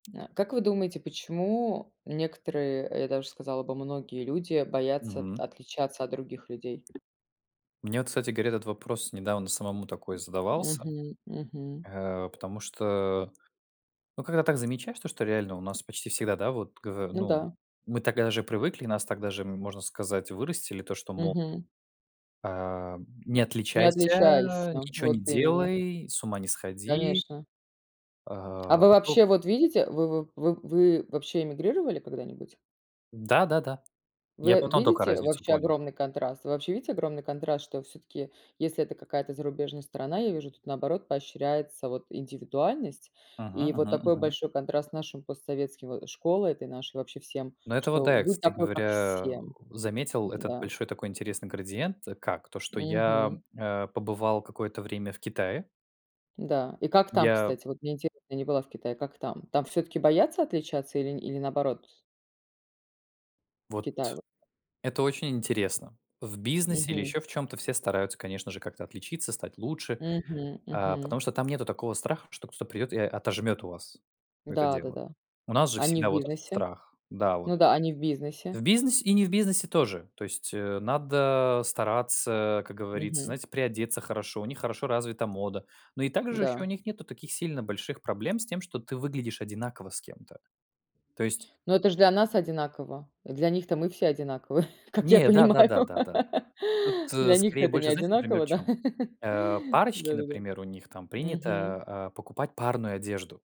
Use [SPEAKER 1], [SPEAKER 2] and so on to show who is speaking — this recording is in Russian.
[SPEAKER 1] Э, как вы думаете, почему некоторые, я даже сказала бы, многие люди боятся от
[SPEAKER 2] Мгм.
[SPEAKER 1] отличаться от других людей?
[SPEAKER 2] Мне вот, кстати говоря, этот вопрос недавно самому такой задавался.
[SPEAKER 1] Мгм мгм.
[SPEAKER 2] Э, потому что, э, ну когда так замечаешь, то что реально у нас почти всегда, да, вот гово
[SPEAKER 1] Ну
[SPEAKER 2] ну,
[SPEAKER 1] да.
[SPEAKER 2] мы так даже и привыкли, и нас так даже, ну можно сказать, вырастили, то что мол:
[SPEAKER 1] Мгм.
[SPEAKER 2] "Ам, не
[SPEAKER 1] Не отличайся,
[SPEAKER 2] отличайся, ничего не
[SPEAKER 1] вот именно.
[SPEAKER 2] делай, с ума не сходи".
[SPEAKER 1] Конечно.
[SPEAKER 2] А,
[SPEAKER 1] А вы
[SPEAKER 2] а
[SPEAKER 1] вообще
[SPEAKER 2] то
[SPEAKER 1] вот видите, вы в в вы, вообще, эмигрировали когда-нибудь?
[SPEAKER 2] Да-да-да. Я
[SPEAKER 1] Вы
[SPEAKER 2] потом тока
[SPEAKER 1] видите
[SPEAKER 2] разницу
[SPEAKER 1] вообще
[SPEAKER 2] понял.
[SPEAKER 1] огромный контраст? Вы вообще видите огромный контраст, что всё-таки, если это какая-то зарубежная страна, я вижу, тут наоборот поощряется вот индивидуальность. И
[SPEAKER 2] Мгм
[SPEAKER 1] вот
[SPEAKER 2] мгм
[SPEAKER 1] такой
[SPEAKER 2] мгм.
[SPEAKER 1] большой контраст с нашим постсоветским, э, школой этой нашей, вообще, всем,
[SPEAKER 2] Ну это вот
[SPEAKER 1] что
[SPEAKER 2] да, я,
[SPEAKER 1] будь
[SPEAKER 2] кстати
[SPEAKER 1] такой как
[SPEAKER 2] говоря,
[SPEAKER 1] все.
[SPEAKER 2] заметил этот
[SPEAKER 1] М-да.
[SPEAKER 2] большой такой интересный градиент, как? То, что я,
[SPEAKER 1] Мгм.
[SPEAKER 2] э, побывал какое-то время в Китае.
[SPEAKER 1] Да. И как там,
[SPEAKER 2] Я
[SPEAKER 1] кстати? Вот мне интересно, я не была в Китае, как там? Там всё-таки боятся отличаться или или наоборот? В
[SPEAKER 2] Вот,
[SPEAKER 1] Китае вот.
[SPEAKER 2] это очень интересно. В бизнесе или
[SPEAKER 1] Мгм.
[SPEAKER 2] ещё в чём-то все стараются, конечно же, как-то отличиться, стать лучше.
[SPEAKER 1] Мгм
[SPEAKER 2] А потому
[SPEAKER 1] мгм.
[SPEAKER 2] что там нету такого страха, что кто-то придет и о отожмет у вас это
[SPEAKER 1] Да, да,
[SPEAKER 2] дело.
[SPEAKER 1] да.
[SPEAKER 2] У нас же
[SPEAKER 1] А не в
[SPEAKER 2] всегда вот этот
[SPEAKER 1] бизнесе?
[SPEAKER 2] страх. Да, вот.
[SPEAKER 1] Ну да, а не в бизнесе?
[SPEAKER 2] В бизнес и не в бизнесе тоже. То есть, э, надо стараться, как говорится,
[SPEAKER 1] Мгм.
[SPEAKER 2] знаете, приодеться хорошо, у них хорошо развита мода. Но и также ещё у
[SPEAKER 1] Да.
[SPEAKER 2] них нету таких сильно больших проблем с тем, что ты выглядишь одинаково с кем-то. То есть
[SPEAKER 1] Ну это ж для нас одинаково, для них-то мы все одинаковы, как я
[SPEAKER 2] Не, да да
[SPEAKER 1] понимаю.
[SPEAKER 2] да да да.
[SPEAKER 1] Для
[SPEAKER 2] Тут,
[SPEAKER 1] них-то
[SPEAKER 2] скорее
[SPEAKER 1] это не
[SPEAKER 2] больше, знаете, например, в
[SPEAKER 1] одинаково, да?
[SPEAKER 2] чём? Э, парочки,
[SPEAKER 1] Да-да-да.
[SPEAKER 2] например, у них там принято,
[SPEAKER 1] Мгм.
[SPEAKER 2] а, покупать парную одежду.